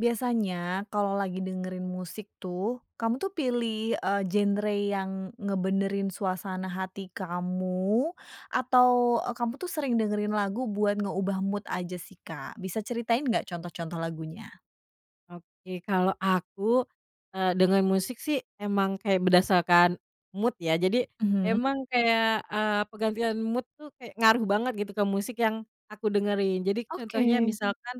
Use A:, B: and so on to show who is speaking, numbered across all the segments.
A: Biasanya kalau lagi dengerin musik tuh, kamu tuh pilih, eee, genre yang ngebenerin suasana hati kamu atau, eee, kamu tuh sering dengerin lagu buat ngeubah mood aja sih, Kak? Bisa ceritain gak contoh-contoh lagunya?
B: Oke, kalau aku, eee, denger musik sih, emang kayak berdasarkan mood ya jadi
A: Mhm.
B: emang kayak, eee, penggantian mood tuh kayak ngaruh banget gitu ke musik yang aku dengerin. Jadi contohnya
A: Oke.
B: misalkan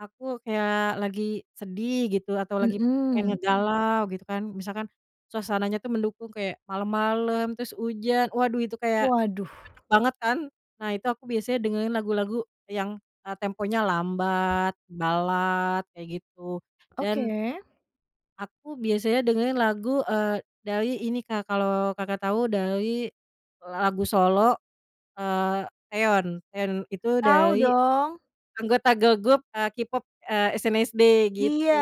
B: aku kayak lagi sedih gitu, atau lagi pengen
A: Mmm.
B: ngegalau gitu kan misalkan suasananya tuh mendukung kayak malam-malam terus hujan waduh itu kayak
A: Waduh.
B: cocok banget kan. Nah itu aku biasanya dengerin lagu-lagu yang, eee, temponya lambat, balad, kayak gitu
A: Oke.
B: dan aku biasanya dengerin lagu, eee, dari ini Kak, kalo Kakak tau dari lagu solo, eee, Taeyon Taeyon itu
A: Tau
B: dari
A: dong.
B: anggota girl group, eee, K-pop, eee, SNSD
A: Iya,
B: gitu.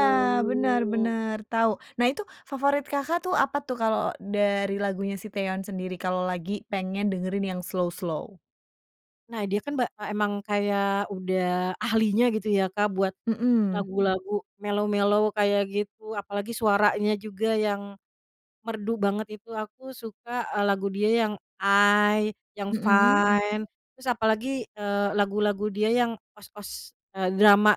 A: benar benar tau. Nah itu, favorit Kakak, tuh apa tuh kalau dari lagunya si Taeyeon sendiri, kalau lagi pengen dengerin yang slow-slow?
B: Nah dia kan ba a emang kayak udah ahlinya gitu ya Kak, buat
A: Mhm.
B: lagu-lagu mellow-mellow kayak gitu, apalagi suaranya juga yang merdu banget itu. Aku suka, eee, lagu dia yang I, yang
A: Mhm.
B: Fine, terus apalagi, eee, lagu-lagu dia yang OST-OST, eee, drama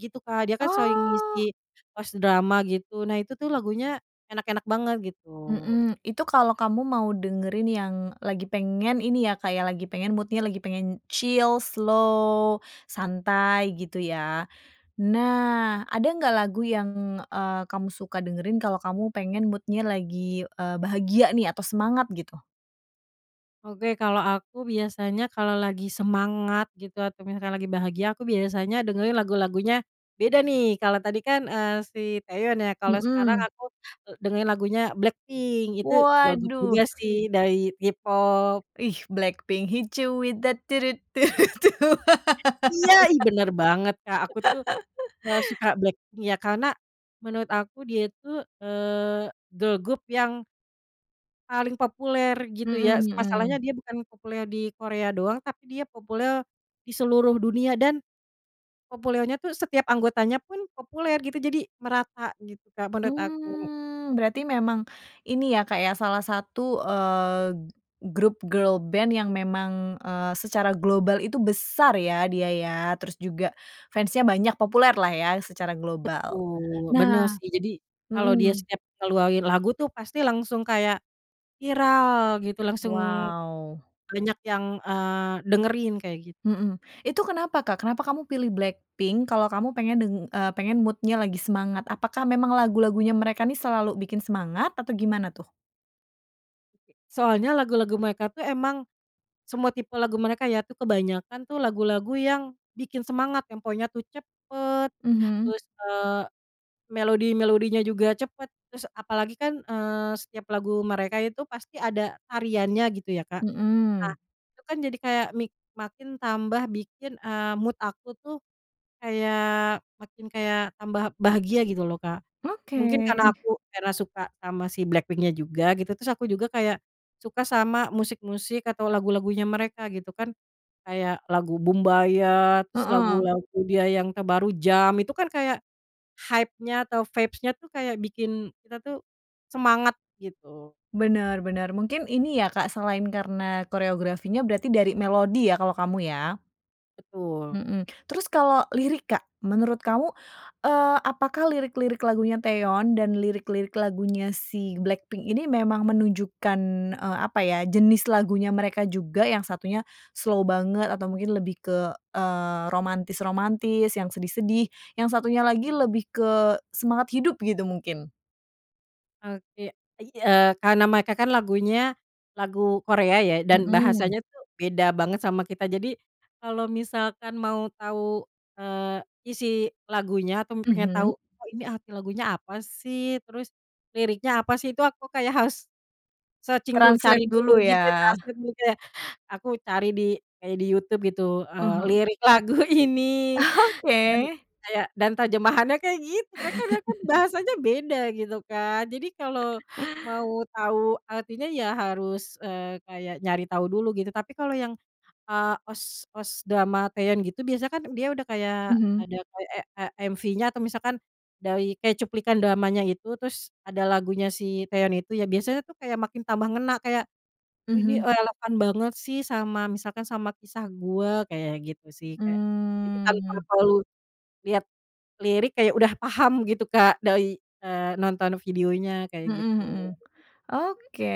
B: gitu, Kak dia kan sering
A: Oh.
B: ngisi OST drama gitu. Nah, itu tuh lagunya enak-enak banget gitu.
A: Mmm, itu kalau kamu mau dengerin yang lagi pengen ini ya Kak ya, lagi pengen mood-nya lagi pengen chill, slow, santai gitu ya. Nah, ada nggak lagu yang, eee, kamu suka dengerin kalau kamu pengen mood-nya lagi, eee, bahagia nih atau semangat gitu?
B: Oke, kalau aku biasanya kalau lagi semangat gitu, atau misalkan lagi bahagia, aku biasanya dengerin lagu-lagunya beda nih. Kalau tadi kan, eee, si Taeyeon ya, kalau sekarang
A: Mhm.
B: aku, eee, dengerin lagunya BLACKPINK. Itu girl group
A: Waduh.
B: juga sih dari K-Pop.
A: Ih, BLACKPINK, "Hit you with that, du du, du du, du."
B: Iya, ih benar banget, Kak. Aku tuh, eee, suka BLACKPINK ya, karena menurut aku dia, eee, itu girl group, yang paling populer gitu
A: Mhm
B: ya, s masalahnya
A: mhm.
B: dia bukan populer di Korea doang, tapi dia populer di seluruh dunia. Dan populernya tuh setiap anggotanya pun populer, gitu jadi merata gitu, Kak, menurut aku.
A: Mmm, berarti memang ini ya, Kak, ya, salah satu, eee, grup girl band yang memang, eee, secara global itu besar ya dia ya. Terus juga fans-nya banyak, populer lah ya secara global.
B: Betul, benar
A: Nah
B: sih. Jadi kalau dia
A: mhm.
B: setiap keluarin lagu tuh pasti langsung kayak viral gitu. Langsung
A: Wow.
B: banyak yang, eee, dengerin kayak gitu.
A: Mhm, itu kenapa, Kak? Kenapa kamu pilih BLACKPINK kalau kamu pengen deng eee, pengen mood-nya lagi semangat? Apakah memang lagu-lagunya mereka ini selalu bikin semangat atau gimana tuh?
B: Soalnya lagu-lagu mereka tuh emang, semua tipe lagu mereka ya tuh, kebanyakan tuh lagu-lagu yang bikin semangat, temponya tuh cepat,
A: Mhm.
B: terus, eee, melodi-melodinya juga cepat. Terus apalagi kan, eee, setiap lagu mereka itu pasti ada tariannya gitu ya, Kak. Nah
A: Mmm.
B: itu kan jadi kayak mik makin tambah bikin, eee, mood aku tuh kayak makin kayak tambah bahagia gitu loh, Kak.
A: Oke.
B: Mungkin karena aku karena suka sama si BLACKPINK-nya juga gitu, terus aku juga kayak suka sama musik-musik atau lagu-lagunya mereka gitu kan. Kayak lagu Boombayah, terus
A: Heeh.
B: lagu-lagu dia yang terbaru Jump itu kan kayak, hype-nya atau vibes-nya tuh kayak bikin kita tuh semangat gitu.
A: Benar benar. Mungkin ini ya, Kak, selain karena koreografinya, berarti dari melodi ya kalau kamu, ya.
B: Betul.
A: Mhm, terus kalau lirik, Kak, menurut kamu, eee, apakah lirik-lirik lagunya Taeyeon dan lirik-lirik lagunya si BLACKPINK ini memang menunjukkan, eee, apa ya jenis lagunya mereka juga? Yang satunya slow banget, atau mungkin lebih ke, eee, romantis-romantis yang sedih-sedih, yang satunya lagi lebih ke semangat hidup gitu mungkin?
B: Oke. Ei eee, karena mereka kan lagunya lagu Korea ya, dan
A: Mhm.
B: bahasanya tuh beda banget sama kita. Jadi kalau misalkan mau tahu, eee, isi lagunya atau pengen
A: Mhm.
B: tau, "Oh, ini arti lagunya apa sih?" Terus liriknya apa sih, itu aku harus searching dulu, cari
A: Translate
B: dulu
A: dulu
B: gitu
A: ya?
B: translate juga. Aku cari di kayak di YouTube gitu,
A: Ah
B: eee,
A: hah.
B: lirik lagu ini dan
A: Oke.
B: kayak dan terjemahannya kayak gitu, Kak kan karena kan bahasanya beda gitu kan, jadi kalau mau tahu artinya ya harus, eee, kayak nyari tahu dulu gitu. Tapi kalau yang, eee, OST-OST drama Taeyeon gitu, biasanya kan dia udah kayak
A: Mhm.
B: ada kayak e e MV-nya atau misalkan dari kayak cuplikan dramanya itu, terus ada lagunya si Taeyeon itu ya. Biasanya tuh kayak makin tambah ngena, kayak, “Oh ini
A: Mhm.
B: relevan banget sih sama, misalkan sama kisah gua,” kayak gitu sih. Kayak jadi tanpa
A: Mmm.
B: perlu lihat lirik, kayak udah paham gitu Kak dari, eee, nonton videonya kayak
A: Mhm
B: gitu.
A: mhm. Oke,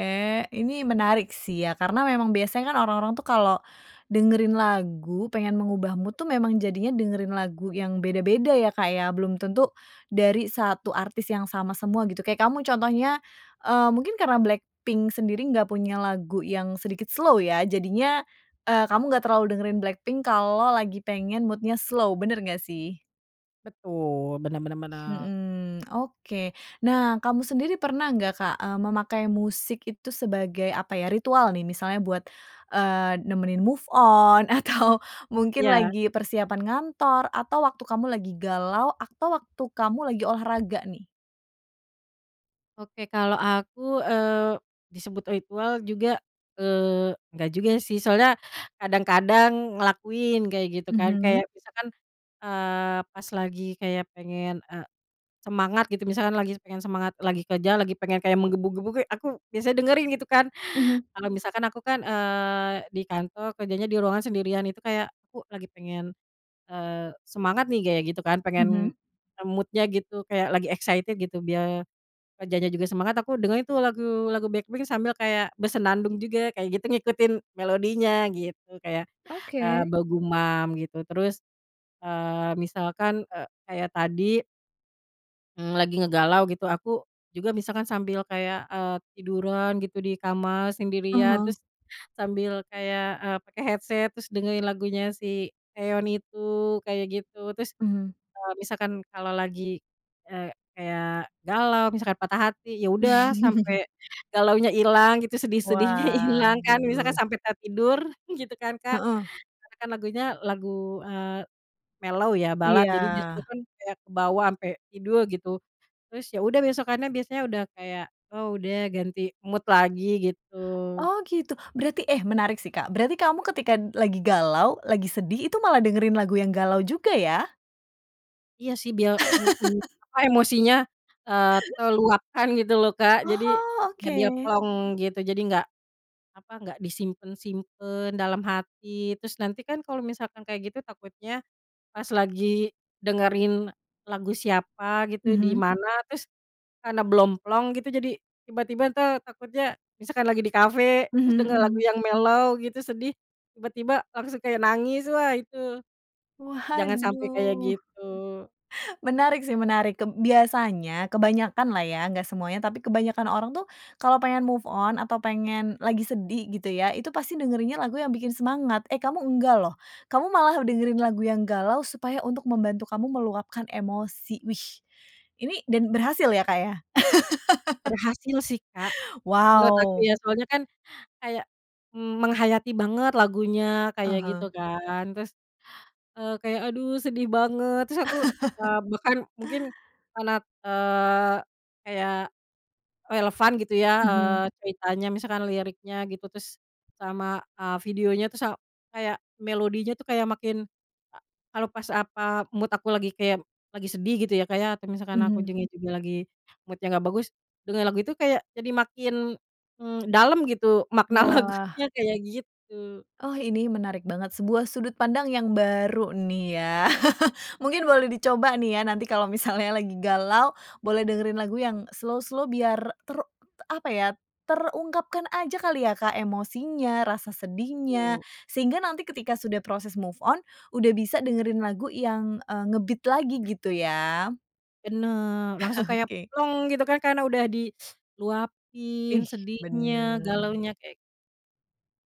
A: ini menarik sih ya. Karena memang biasanya kan orang-orang tuh kalau dengerin lagu pengen mengubah mood tuh memang jadinya dengerin lagu yang beda-beda ya, Kak ya? Belum tentu dari satu artis yang sama semua gitu. Kayak kamu contohnya, eee, mungkin karena BLACKPINK sendiri nggak punya lagu yang sedikit slow ya, jadinya, eee, kamu nggak terlalu dengerin BLACKPINK kalau lagi pengen mood-nya slow. Benar nggak sih?
B: Betul, benar benar benar.
A: Mhm, oke nah kamu sendiri pernah nggak Kak, eee, memakai musik itu sebagai apa ya ritual nih misalnya buat, eee, nemenin move on atau mungkin
B: Iya.
A: lagi persiapan ngantor atau waktu kamu lagi galau atau waktu kamu lagi olahraga nih?
B: Oke, kalau aku, eee, disebut ritual juga, eee, nggak juga sih. Soalnya kadang-kadang ngelakuin kayak gitu kan.
A: Mhm.
B: Kayak misalkan, eee, pas lagi kayak pengen, eee, semangat gitu misalkan lagi pengen semangat lagi kerja, lagi pengen kayak menggebu-gebu ge aku biasa dengerin gitu kan.
A: Mhm.
B: Kalo misalkan aku kan, eee, di kantor kerjanya di ruangan sendirian itu kayak, aku lagi pengen, eee, semangat nih kayak gitu kan pengen,
A: Mhm.
B: eee, mood-nya gitu kayak lagi excited gitu biar kerjanya juga semangat, aku dengerin tuh lagu-lagu BLACKPINK sambil kayak bersenandung juga kayak gitu, ngikutin melodinya gitu, kayak, eee,
A: Oke.
B: bergumam gitu. Terus, eee, misalkan, eee, kayak tadi ng lagi ngegalau gitu, aku juga misalkan sambil kayak, eee, tiduran gitu di kamar
A: Ah
B: sendirian,
A: hah.
B: terus sambil kayak, eee, pakai headset, terus dengerin lagunya si Taeyeon itu kayak gitu. Terus,
A: Mmm.
B: eee, misalkan kalau lagi, eee, kayak galau misalkan patah hati ya udah, sampai galaunya hilang gitu sedih-sedihnya hilang kan. Misalkan
A: Waduh.
B: sampai tertidur gitu kan Kak.
A: Heeh.
B: Karena kan lagunya lagu, eee, mellow ya balad,
A: Iya.
B: jadi dia itukan kayak kebawa sampai tidur gitu. Terus ya udah besokannya biasanya udah kayak, "Oh udah ganti mood lagi," gitu.
A: Oh gitu. Berarti eh menarik sih, Kak. Berarti kamu ketika d lagi galau, lagi sedih, itu malah dengerin lagu yang galau juga ya?
B: Iya sih, biar ng ng apa emosinya, eee, terluapkan gitu loh, Kak. Jadi
A: Oh,
B: ya biar
A: oke.
B: plong gitu, jadi nggak apa, nggak disimpen-simpen dalam hati. Terus nanti kan kalau misalkan kayak gitu, takutnya pas lagi dengerin lagu siapa gitu, di
A: Mhm.
B: mana, terus karena belum plong gitu. Jadi, tiba-tiba ntar takutnya misalkan lagi di kafe, terus
A: Mhm
B: denger lagu
A: mhm.
B: yang mellow gitu, sedih, tiba-tiba langsung kayak nangis wah itu, jangan sampai kayak
A: Waduh,
B: gitu.
A: menarik sih, menarik. Keb biasanya kebanyakan lah ya, nggak semuanya, tapi kebanyakan orang tuh kalau pengen move on atau pengen lagi sedih gitu ya, itu pasti dengerinnya lagu yang bikin semangat. Eh, kamu nggak loh, kamu malah dengerin lagu yang galau supaya untuk membantu kamu meluapkan emosi. Wih, ini dan berhasil ya, Kak, ya?
B: Berhasil sih, Kak, menurut aku
A: Wow.
B: ya. Soalnya kan, kayak menghayati banget lagunya
A: Ah
B: kayak gitu
A: hah.
B: kan. Terus, eee, kayak, aduh sedih banget. Terus aku, eee, bahkan mungkin karena, eee, kayak relevan gitu ya, eee,
A: Mhm.
B: ceritanya, misalkan liriknya gitu, terus sama, eee, videonya, terus a kayak melodinya tuh kayak makin, a kalau pas apa mood aku lagi kayak, lagi sedih gitu ya Kak ya, atau misalkan aku
A: Mhm.
B: juga juga lagi mood-nya nggak bagus, denger lagu itu kayak jadi makin, mmm, dalam gitu makna
A: Wah.
B: lagunya kayak gitu.
A: Oh, ini menarik banget. Sebuah sudut pandang yang baru nih ya. Mungkin boleh dicoba nih ya, nanti kalau misalnya lagi galau boleh dengerin lagu yang slow-slow, biar ter t apa ya, terungkapkan aja kali ya, Kak, emosinya, rasa sedihnya.
B: Betul.
A: Sehingga nanti ketika sudah proses move on, udah bisa dengerin lagu yang, eee, nge-beat lagi gitu ya.
B: Benar. Langsung kayak
A: Oke.
B: plong gitu kan, karena udah diluapin
A: Ih,
B: sedihnya,
A: benar.
B: galaunya kek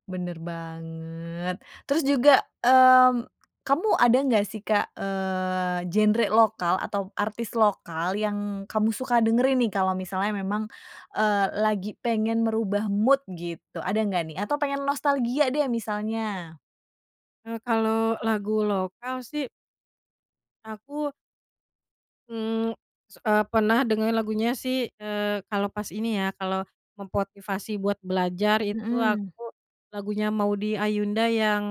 A: Benar banget. Terus juga, mmm, kamu ada nggak sih Kak, eee, genre lokal atau artis lokal yang kamu suka dengerin nih, kalau misalnya memang, eee, lagi pengen merubah mood gitu? Ada nggak nih? Atau pengen nostalgia deh misalnya?
B: eee, kalau lagu lokal sih aku mmm, se eee, pernah dengerin lagunya sih, eee, kalau pas ini ya, kalau memotivasi buat belajar itu
A: Mhm.
B: aku lagunya Maudy Ayunda, yang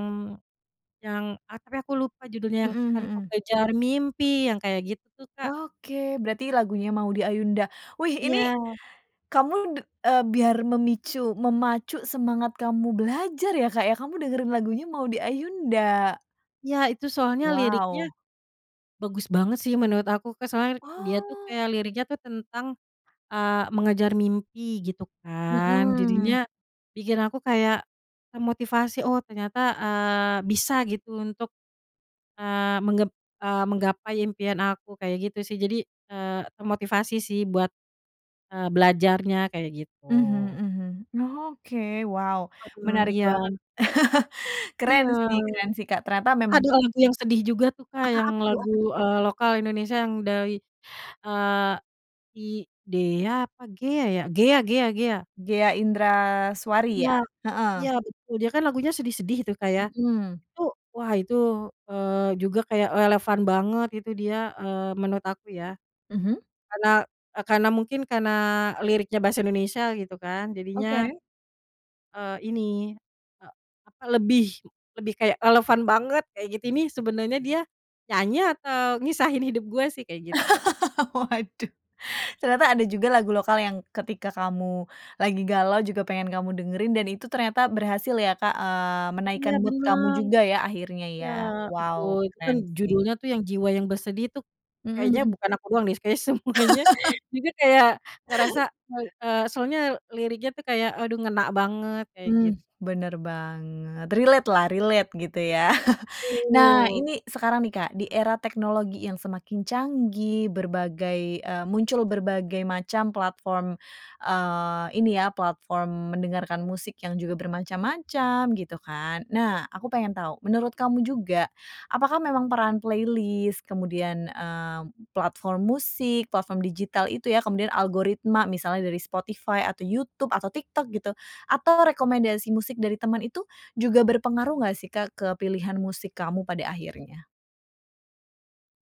B: yang ah, tapi aku lupa judulnya yang,
A: Mhm
B: "Akan ku
A: mhm.
B: kejar mimpi” yang kayak gitu, Kak.
A: Oke, berarti lagunya Maudy Ayunda. Wih, ini
B: Iya.
A: kamu d eee, biar memicu, memacu semangat kamu belajar ya, Kak, ya. Kamu dengerin lagunya Maudy Ayunda.
B: Iya, itu soalnya liriknya
A: Wow.
B: bagus banget sih menurut aku, Kak. Soalnya dia tuh
A: Oh.
B: kayak liriknya tuh tentang, eee, mengejar mimpi gitu kan, jadinya
A: Mhm.
B: bikin aku kayak termotivasi, oh, ternyata, eee, bisa gitu untuk, eee, menggep eee, menggapai impian aku. Kayak gitu sih, jadi, eee, termotivasi sih buat, eee, belajarnya kayak gitu.
A: Mhm mhm. Oke, wow
B: Heeh,
A: menarik
B: iya.
A: banget.
B: Iya,
A: Keren sih, keren sih Kak ternyata memang
B: ada lagu yang sedih juga tuh, Kak,
A: apa
B: yang
A: apa tuh
B: lagu,
A: apa tuh?
B: eee, lokal Indonesia yang dari, eee, si Dea apa Ghea ya? Ghea Ghea Ghea.
A: Ghea Indraswari,
B: Ya,
A: ya?
B: iya
A: Heeh.
B: betul. Dia kan lagunya sedih-sedih Itu Kak ya.
A: Mhm.
B: Itu wah itu, eee, juga kayak relevan banget itu dia, eee, menurut aku ya.
A: Mhm.
B: Karena, karena mungkin karena liriknya bahasa Indonesia gitu kan,
A: Oke.
B: jadinya eee, ini, e apa lebih lebih kayak relevan banget kayak gitu, nih sebenarnya dia nyanyi atau ngisahin hidup gua sih? Kayak gitu.
A: Waduh, ternyata ada juga lagu lokal yang ketika kamu lagi galau, juga pengen kamu dengerin, dan itu ternyata berhasil ya, Kak, eee,
B: Iya
A: menaikkan mood kamu
B: benar,
A: juga ya, akhirnya ya.
B: ya betul.
A: Wow,
B: Itu kan
A: keren sih.
B: judulnya tuh yang Jiwa yang Bersedih. Itu
A: Mhm
B: kayaknya
A: mhm.
B: bukan aku doang nih, kayaknya semuanya juga kayak ngerasa. Eee eee, soalnya liriknya tuh kayak aduh ngena banget, kayak
A: Mmm,
B: git
A: benar banget. Relate lah, relate gitu ya. Nah,
B: Betul.
A: ini sekarang nih, Kak, di era teknologi yang semakin canggih, berbagai, eee, muncul berbagai macam platform, eee, ini ya platform mendengarkan musik yang juga bermacam-macam gitu kan. Nah, aku pengen tahu, menurut kamu juga, apakah memang peran playlist, kemudian, eee, platform musik, platform digital itu ya, kemudian algoritma, misalnya dari Spotify, atau YouTube, atau TikTok gitu, atau rekomendasi musik dari teman, itu juga berpengaruh nggak sih, Kak, ke pilihan musik kamu pada akhirnya?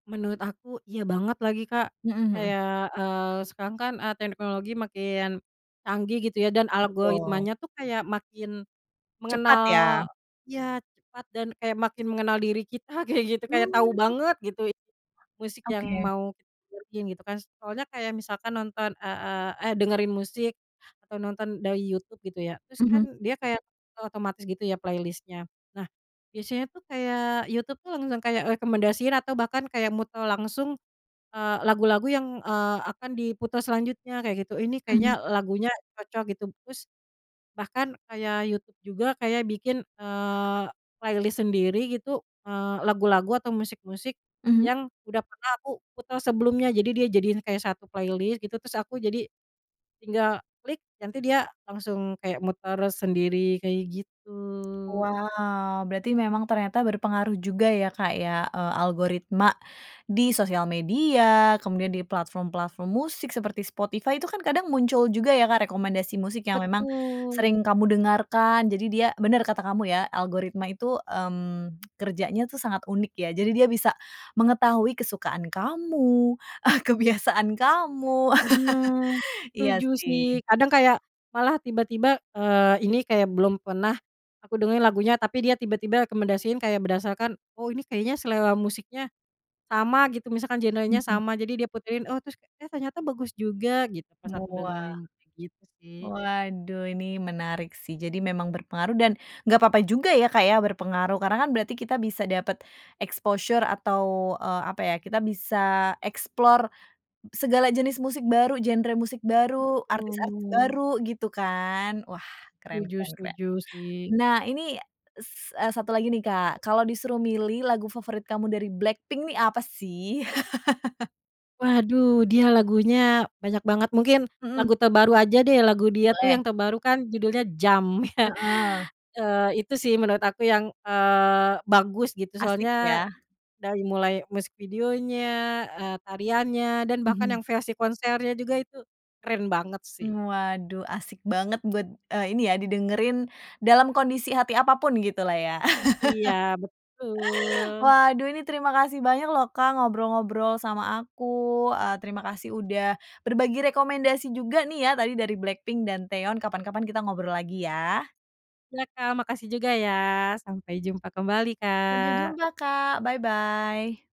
B: Menurut aku, iya banget lagi, Kak.
A: Mhm mhm.
B: Kayak, eee, sekarang kan, eee, teknologi makin canggih gitu ya, dan
A: Betul.
B: algoritmanya tuh kayak makin
A: Cepat
B: mengenal
A: ya.
B: ya cepat, dan kayak makin mengenal diri kita kayak gitu. Kayak tahu
A: Mmm.
B: banget gitu musik yang
A: Oke.
B: mau kita dengerin gitu kan. Soalnya kayak misalkan nonton, e e eh dengerin musik atau nonton dari YouTube gitu ya, terus
A: Mhm.
B: kan dia kayak otomatis gitu ya playlist-nya. Nah biasanya tuh kayak YouTube tuh langsung kayak rekomendasiin, atau bahkan kayak muter langsung, eee, lagu-lagu yang, eee, akan diputar selanjutnya kayak gitu. Ini kayaknya
A: Mhm.
B: lagunya cocok gitu. Terus bahkan kayak YouTube juga kayak bikin, eee, playlist sendiri gitu, eee, lagu-lagu atau musik-musik
A: Mhm.
B: yang udah pernah aku putar sebelumnya. Jadi dia jadiin kayak satu playlist gitu, terus aku jadi tinggal klik, nanti dia langsung kayak muter sendiri. Kayak gitu.
A: Wow. Berarti memang ternyata berpengaruh juga ya, Kak, ya, eee, algoritma di sosial media, kemudian di platform-platform musik seperti Spotify. Itu kan kadang muncul juga ya, Kak, rekomendasi musik yang memang
B: Betul.
A: sering kamu dengarkan. Jadi dia benar kata kamu ya, algoritma itu, mmm, kerjanya tuh sangat unik ya, jadi dia bisa mengetahui kesukaan kamu, ah, kebiasaan kamu.
B: Benar,
A: Iya,
B: setuju sih.
A: sih.
B: Kadang kayak malah tiba-tiba, eee, ini kayak belum pernah aku dengerin lagunya, tapi dia tiba-tiba rekomendasiin, kayak berdasarkan, “Oh ini kayaknya selera musiknya sama,” gitu misalkan genrenya
A: Mhm.
B: sama, jadi dia puterin. Oh terus, "Eh, ternyata bagus juga," gitu pas aku
A: Wah,
B: dengerin. Kayak gitu sih.
A: waduh ini menarik sih. Jadi memang berpengaruh, dan nggak apa-apa juga ya, Kak, ya berpengaruh, karena kan berarti kita bisa dapat exposure, atau, eee, apa ya, kita bisa explore s segala jenis musik baru, genre musik baru, artis-artis
B: Betul.
A: baru gitu kan. Wah, keren
B: Setuju
A: keren keren.
B: setuju sih.
A: Nah, ini s eee, 1 lagi nih, Kak. Kalau disuruh milih lagu favorit kamu dari BLACKPINK, nih apa sih?
B: Waduh, dia lagunya banyak banget. Mungkin
A: Mhm.
B: lagu terbaru aja deh. Lagu dia tuh
A: Boleh.
B: yang terbaru kan judulnya Jump ya.
A: Heeh.
B: Eee, itu sih menurut aku yang, eee, bagus gitu
A: Asik
B: soalnya
A: ya.
B: dari mulai musik videonya, eee, tariannya dan bahkan
A: Mhm.
B: yang versi konsernya juga itu keren banget sih.
A: Waduh, asik banget buat, eee, ini ya didengerin dalam kondisi hati apa pun, gitu lah ya.
B: Iya, betul.
A: Waduh, ini terima kasih banyak loh, Kak, ngobrol-ngobrol sama aku. Eee, terima kasih, udah berbagi rekomendasi juga nih ya. Tadi dari BLACKPINK dan Taeyeon. Kapan-kapan, kita ngobrol lagi ya.
B: Iya Kak, makasih juga ya. Sampai jumpa kembali,
A: Sampai
B: Kak.
A: jumpa, Kak. Bye-bye.